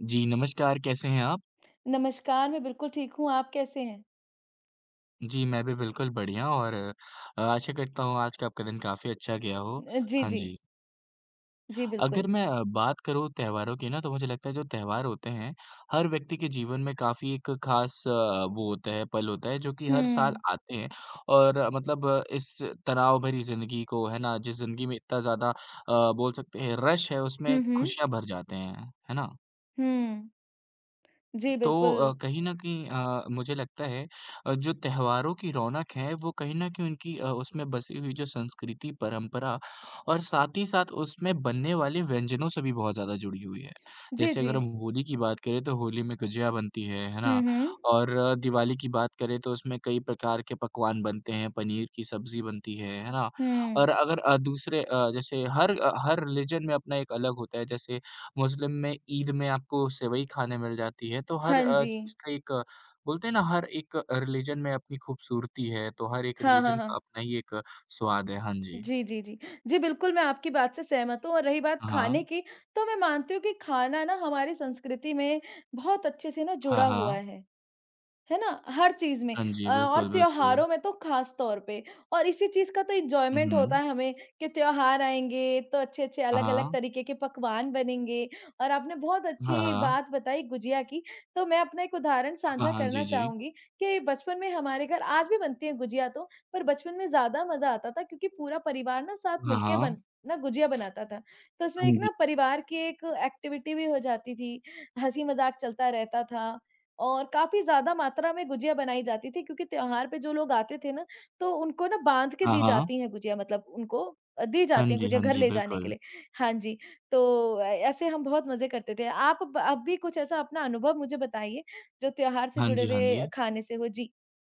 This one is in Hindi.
जी नमस्कार कैसे हैं आप? नमस्कार मैं बिल्कुल ठीक हूँ, आप कैसे हैं? जी मैं भी बिल्कुल बढ़िया और अ, आशा करता हूँ, आज का दिन काफ़ी अच्छा गया हो। अ, जी, हाँ, जी। जी। जी अगर बिल्कुल। मैं अ, बात करूँ त्योहारों की ना, तो मुझे लगता है जो त्योहार होते हैं, हर व्यक्ति के जीवन में काफ़ी एक ख़ास अ, वो होता है, पल होता है, जो कि हर साल हुँ। आते हैं, और मतलब अ, इस तनाव भरी ज़िंदगी को है ना, जिस ज़िंदगी में इतना ज़्यादा अ, बोल सकते है, रश है उसमे हुँ, हुँ। खुशियाँ भर जाते हैं, है ना? हुँ। जी, तो अ, बिल्कुल। कहीं न कहीं अ, मुझे लगता है, अ, जो त्योहारों की रौनक है, वो कहीं न कहीं उनकी अ, उसमे बसी हुई जो संस्कृति, परम्परा और साथ ही साथ उसमे बनने वाली व्यंजनों से भी बहुत ज़्यादा जुड़ी हुई है। जी, जैसे अगर हम जी। होली की बात करें, तो होली में गुजिया बनती है, है ना, हुँ, हुँ। और अ, दिवाली की बात करे तो उसमें कई प्रकार के पकवान बनते हैं, पनीर की सब्ज़ी बनती है, है ना? हुँ। और अगर अ, दूसरे अ, जैसे हर अ, हर रिलिजन में अपना एक अलग होता है। जैसे मुस्लिम में ईद में आपको सेवई खाने मिल जाती है। तो हर हाँ, अ, चीज़ जी। का एक बोलते हैं ना हर एक रिलिजन में अपनी खूबसूरती है। तो हर एक हाँ, हाँ, रिलिजन का हाँ। अपना ही एक स्वाद है। हाँ जी। जी, जी, जी। जी बिल्कुल, मैं आपकी बात से सहमत हूँ और रही बात खाने हाँ। की तो मैं मानती हूँ कि खाना ना हमारी संस्कृति में बहुत अच्छे से ना हाँ, जुड़ा हाँ। हुआ है। है ना? हर चीज़ में हाँ अ, जी, और बिल्कुल, बिल्कुल। त्योहारों में तो ख़ास तौर पे और इसी चीज़ का तो हुँ, एन्जॉयमेंट होता हुँ। है हमें, कि त्योहार आएँगे तो अच्छे-अच्छे, हाँ, अलग-अलग हाँ। तरीके के पकवान बनेंगे और आपने बहुत हाँ, अच्छी हाँ। बात बताई गुजिया की, तो मैं अपना एक उदाहरण हाँ, साझा हाँ, करना जी, जी। चाहूँगी कि बचपन में हमारे घर आज भी बनती हैं गुजिया तो, पर बचपन में ज़्यादा मज़ा आता था क्योंकि पूरा परिवार ना साथ हाँ, मिलके हाँ। बन ना गुजिया बनाता था। तो उसमें हाँ, एक जी। ना परिवार की एक एक्टिविटी भी हो जाती थी। हँसी-मज़ाक चलता रहता था और काफ़ी ज़्यादा मात्रा में गुजिया बनाई जाती थी, क्योंकि त्योहार पे जो लोग आते थे ना, तो उनको ना बांध के हाँ, दी हाँ। जाती हैं गुजिया मतलब उनको दी हाँ जाती हैं जी, गुजिया हाँ घर जी, ले जाने के बिल्कुल। लिए। हाँ जी, तो ए ऐसे हम बहुत मज़े करते थे। आप ब आप भी कुछ ऐसा अपना अनुभव मुझे बताइए, जो त्योहार से हाँ जुड़े जी, हाँ जी। हुए खाने से हो जी।